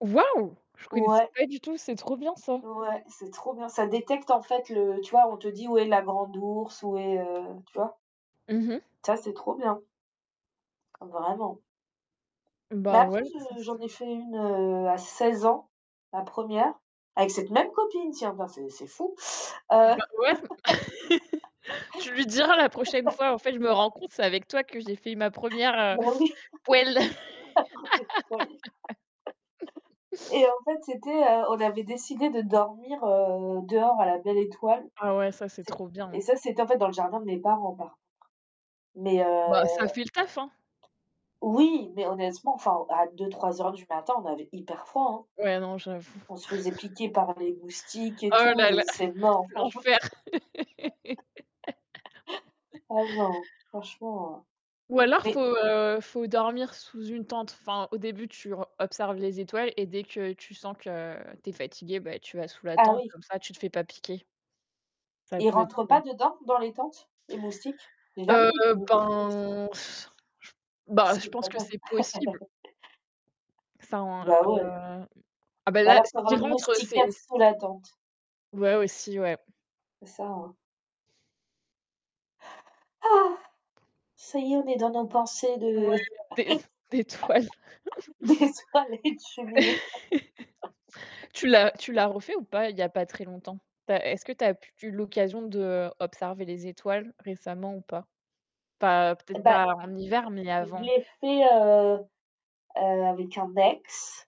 Waouh! Je connaissais Ouais. pas du tout, c'est trop bien ça! Ouais, c'est trop bien. Ça détecte en fait le tu vois, on te dit où est la Grande Ourse, où est, heu, tu vois? Mmh mh. Ça, c'est trop bien. Vraiment. Bah Bah ouais après, ça je s j'en ai fait une, heu, à 16 ans, la 1re, avec cette même copine, tiens, bah c'est c'est fou. Heu Bah ouais. Tu lui diras la prochaine fois: «En fait je me rends compte, c'est avec toi que j'ai fait ma 1re, bah heu, oui. poêle». [unintelligible] Et en fait, c'était, heu, on avait décidé de dormir, heu, dehors à la belle étoile. Ah ouais, ça, c'est C'est trop bien. et ça, c'était en fait dans le jardin de mes parents par contre. Mais, Bah heu ça fait le taf, hein. oui mais honnêtement, enfin, à 2:00-3:00 du matin, on avait hyper froid, hein. Ouais non, j'avoue. On se faisait piquer par les moustiques et Oh tout. là J'ai là! dit: «C'est mort» franchement L'enfer. ah non, franchement Ou alors mais faut, heu, faut dormir sous une tente. Enfin, au début, tu o observes les étoiles et dès que tu sens que tu es fatiguée, bah, tu vas sous la Ah tente, oui. comme ça, tu te fais pas piquer. Ça Ils peut être rentrent u pas dedans? Dans les tentes, les moustiques? Heu [unintelligible] ben s j bah je Si pense quand que même. c'est possible. Ça en heu, Bah ouais. ah bah Ou là, alors, faut avoir s'il une rentre, c'est moustiquaire c sous la tente. Ouais aussi, ouais. C'est ça, hein. Ça y est, on est dans nos pensées Ouais, de des s des toiles. des soirées de cheminée. Tu l'as tu l'as refait ou pas, il y a pas très longtemps? Tu as est-ce que tu as p eu l'occasion d'observer les étoiles récemment ou pas? Pas Eh peut-être bah, pas en hiver, mais je je avant? l'ai fait, heu, heu, avec un ex,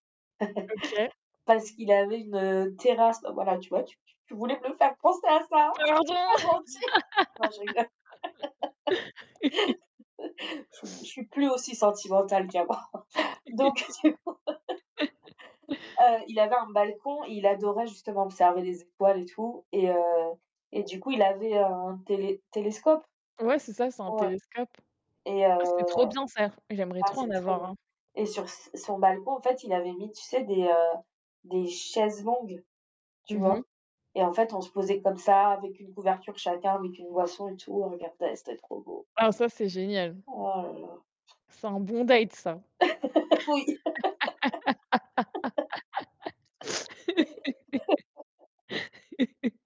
OK. parce qu'il avait une terrasse, bah voilà, tu vois, tu tu tu voulais me le faire penser à ça, c'est Pardon? pas gentil. Non je rigole. Je suis je suis plus aussi sentimentale qu'avant. Donc du coup, heu, il avait un balcon et il adorait justement observer les étoiles et tout et heu, et du coup il avait un télé télescope? Ouais, c'est ça, c'est un Ouais. télescope. Et, heu, Ah c'est trop bien ça. J'aimerais ah trop en c'est trop avoir bien. un. Et sur s son balcon en fait il avait mis, tu sais, des, heu, des chaises longues, tu Mmh mh. vois? Et en fait on se posait comme ça avec une couverture chacun, avec une boisson et tout, on regardait, c'était trop beau. Ah ça, c'est génial. Oh là là! C'est en bon date ça. Oui.